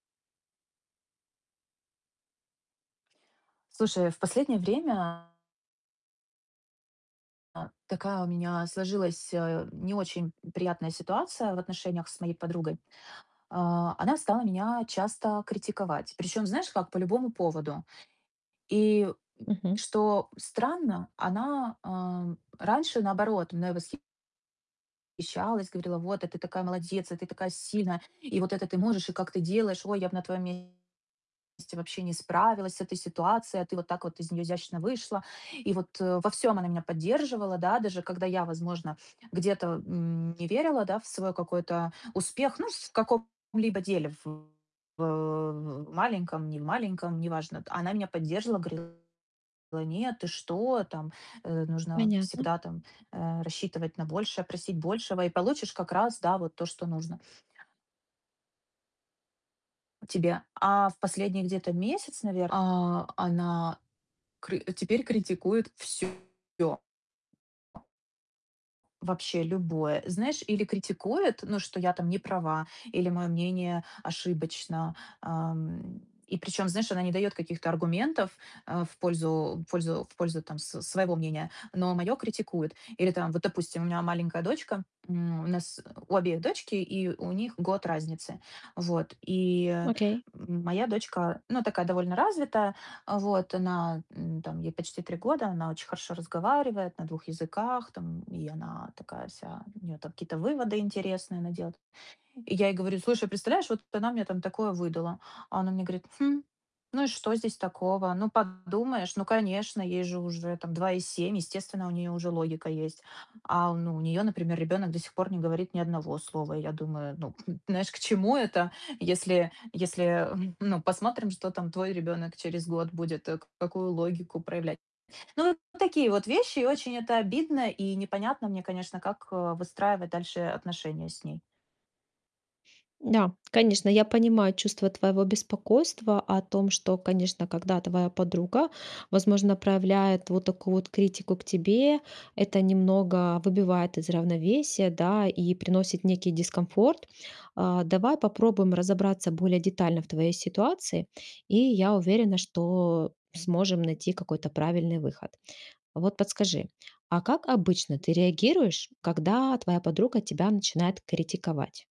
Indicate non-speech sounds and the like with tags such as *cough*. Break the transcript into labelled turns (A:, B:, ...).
A: Слушай, в последнее время а, такая у меня сложилась, э, не очень приятная ситуация в отношениях с моей подругой. А, она стала меня часто критиковать. Причём знаешь как? По любому поводу. И, м,
B: Мгм.
A: что странно, она, э, раньше наоборот мной восхищалась, говорила: "Вот, а ты такая молодец! А ты такая сильная! И вот это ты можешь. И как ты делаешь? Ой, я б на твоём месте вообще не справилась с этой ситуацией, а ты вот так вот из неё изящно вышла". И вот во всём она меня поддерживала, да. Даже когда я, возможно, где-то, м, не верила, да, в свой какой-то успех, ну, в каком-либо деле, в в в маленьком, немаленьком- неважно. Она меня поддерживала, говорила: "Нет, ты что? Там, э, нужно
B: Понятно.
A: всегда, там, э, рассчитывать на большее, просить большего и получишь как раз, да, вот то, что нужно" "тебе". А в последний где-то месяц, наверное, а, она кры теперь критикует всё. Вообще любое. Знаешь, или критикует, ну, что я там не права, или моё мнение ошибочно. Ам, и причём, знаешь, она не даёт каких-то аргументов, э, в пользу в пользу в пользу, там, с своего мнения, но моё критикует. Или, там, вот, допустим, у меня маленькая дочка, м, у нас, э, у обеих дочки, и у них год разницы. Вот. И,
B: Окей.
A: моя дочка, ну, такая довольно развитая. А, вот она, м, там, ей почти 3 года, она очень хорошо разговаривает на 2 языках, там, и она такая вся, у неё там какие-то выводы интересные, она делает. И я ей говорю: "Слушай, представляешь, вот она мне там такое выдала". А она мне говорит: "Хм, ну и что здесь такого? Ну, подумаешь. Ну, конечно, ей же уже, там, 2,7. Естественно, у неё уже логика есть". А, ну, у неё, например, ребёнок до сих пор не говорит ни одного слова. И я думаю, ну, *chuckles* знаешь, к чему это? Если если, ну, посмотрим, что там твой ребёнок через год будет, к какую логику проявлять. Ну, такие вот вещи. И очень это обидно и непонятно мне, конечно, как выстраивать дальше отношения с ней.
B: Да, конечно, я понимаю чувство твоего беспокойства о том, что, конечно, когда твоя подруга, возможно, проявляет вот такую вот критику к тебе, это немного выбивает из равновесия, да, и приносит некий дискомфорт. А, давай попробуем разобраться более детально в твоей ситуации, и я уверена, что сможем найти какой-то правильный выход. Вот подскажи, а как обычно ты реагируешь, когда твоя подруга тебя начинает критиковать?